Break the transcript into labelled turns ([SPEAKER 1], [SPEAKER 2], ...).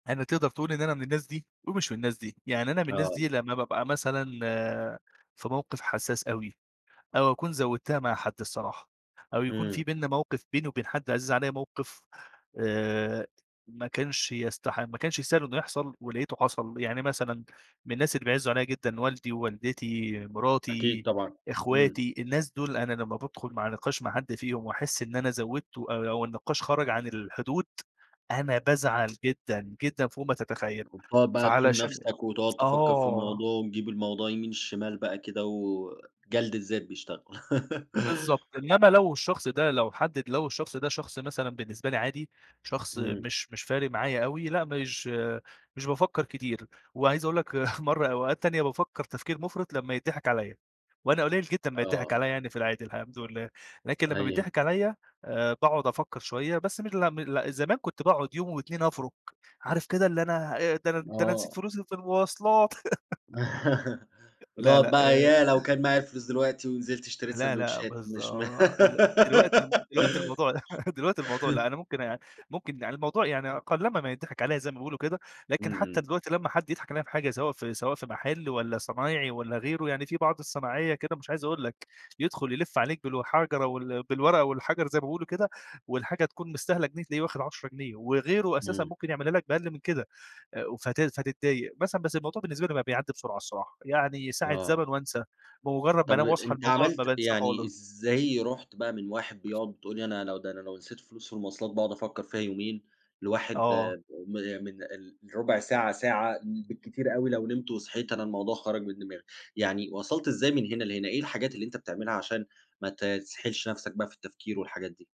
[SPEAKER 1] أنا تقدر تقول إن أنا من الناس دي، ومش من الناس دي، يعني أنا من الناس دي
[SPEAKER 2] آه.
[SPEAKER 1] لمّا بابقى مثلًا في موقف حساس أوي. أو أكون زوّدتها مع حد الصراحة، أو يكون
[SPEAKER 2] إمم.
[SPEAKER 1] في بيننا موقف بيني وبين حدّ عزيز عليَّ موقف آآ، ما كانش يستح ما كانش يستاهل إنه يحصل ولقيته حصل، يعني مثلًا من الناس اللي بيعزّوا عليَّ جدًا والدي ووالدتي،
[SPEAKER 2] أكيد
[SPEAKER 1] مراتي،
[SPEAKER 2] طبعًا. إمم.
[SPEAKER 1] أخواتي، الناس دُول أنا لّما بادخل مع نقاش مع حد فيهم وأحس إن أنا زوّدته آآ أو النقاش خرَج عن الحدود، أنا بازعل جدًا جدًا فوق ما تتخيل
[SPEAKER 2] وبتُقعُد بقى تلوم
[SPEAKER 1] فعلشان [unintelligible]
[SPEAKER 2] نفسك، وتقعد تفَكّر في
[SPEAKER 1] آه.
[SPEAKER 2] الموضوع، وتجيب الموضوع يمين شمال بقى كده، وجلد الذات بيشتغل.
[SPEAKER 1] بالضبط، إنّما لو الشخص ده لو حد إد لو الشخص ده شخص مثلًا بالنسبة لي عادي، شخص
[SPEAKER 2] إمم.
[SPEAKER 1] مش مش فارق معايا أوي لأ، مش مش بافَكّر كتير، وعايز أقول لك مرّة أوقات تانية بافَكّر تفكير مُفرِط لمّا يتضِحِك عليَّ، وأنا قليل جدًا ما يتضِحِك
[SPEAKER 2] آه.
[SPEAKER 1] عليَّ يعني في العادي الحمد لله، لكن لمّا
[SPEAKER 2] أيوه.
[SPEAKER 1] بيتضِحِك عليَّ آآ، باقعد أفَكّر شوية بس م لأ م لأ، زمان كُنت باقعد يوم و2 أفرُك عارف كده اللي أنا أ ده أنا ده أنا نسيت
[SPEAKER 2] آه.
[SPEAKER 1] فلوسي في المواصلات. لا
[SPEAKER 2] وتُقعُد
[SPEAKER 1] لأ،
[SPEAKER 2] بقى
[SPEAKER 1] آآ
[SPEAKER 2] ياه! لو كان معايا الفلوس دلوقتي، ونزلت اشتريت
[SPEAKER 1] لا لأ،
[SPEAKER 2] ساندوتشات
[SPEAKER 1] بالضَ
[SPEAKER 2] مش ما
[SPEAKER 1] ال دلوقتي الم دلوقتي الموضوع دلوقتي الموضوع لأ، أنا ممكن آآ، ممكن يعني الموضوع يع قلّما ما يتضِحِك عليَّ زي ما بيقولوا كده،
[SPEAKER 2] إمم،
[SPEAKER 1] لكن حتى
[SPEAKER 2] إمم.
[SPEAKER 1] دلوقتي لمّا حد يضحك عليَّ في حاجة سواء في سواء في محل، والّا صنايعي والّا غيره يعني في بعض الصناعية كده مش عايز أقول لك، يدخُل يلِف عليك بالحَجرة وال بالورقة والحجر زي ما بيقولوا كده، والحاجة تكون مستاهلة جنيه تلاقيه واخد 10 جنيه وغيره أساسًا
[SPEAKER 2] إمم.
[SPEAKER 1] ممكن يعملها لك بأقل من كده. و ف فت فتضّايق مثلًا بس الموضوع بالنسبة لي بقى بيعدّي بسرعة الصراحة، يعني ساعة
[SPEAKER 2] آه.
[SPEAKER 1] زمن وأنسى بمجرد ما
[SPEAKER 2] طب،
[SPEAKER 1] أنام واصحى
[SPEAKER 2] أنت
[SPEAKER 1] الموضوع ما
[SPEAKER 2] عملت
[SPEAKER 1] بانساه
[SPEAKER 2] يعني
[SPEAKER 1] خالص.
[SPEAKER 2] إزاي رُحت بقى من واحد بيقعد بتقول لي أنا لو ده أنا لو نسيت فلوس في المواصلات باقعد أفَكّر فيها يومين، لواحد
[SPEAKER 1] آه.
[SPEAKER 2] م من ال ربع ساعة، ساعة بالكتير أوي، لو نمت وصحيت أنا الموضوع خرج من دماغي، يعني وصَلت إزاي من هنا لهنا؟ إيه الحاجات اللي أنت بتعملها عشان ما ت تسحلش نفسك بقى في التفكير والحاجات دي؟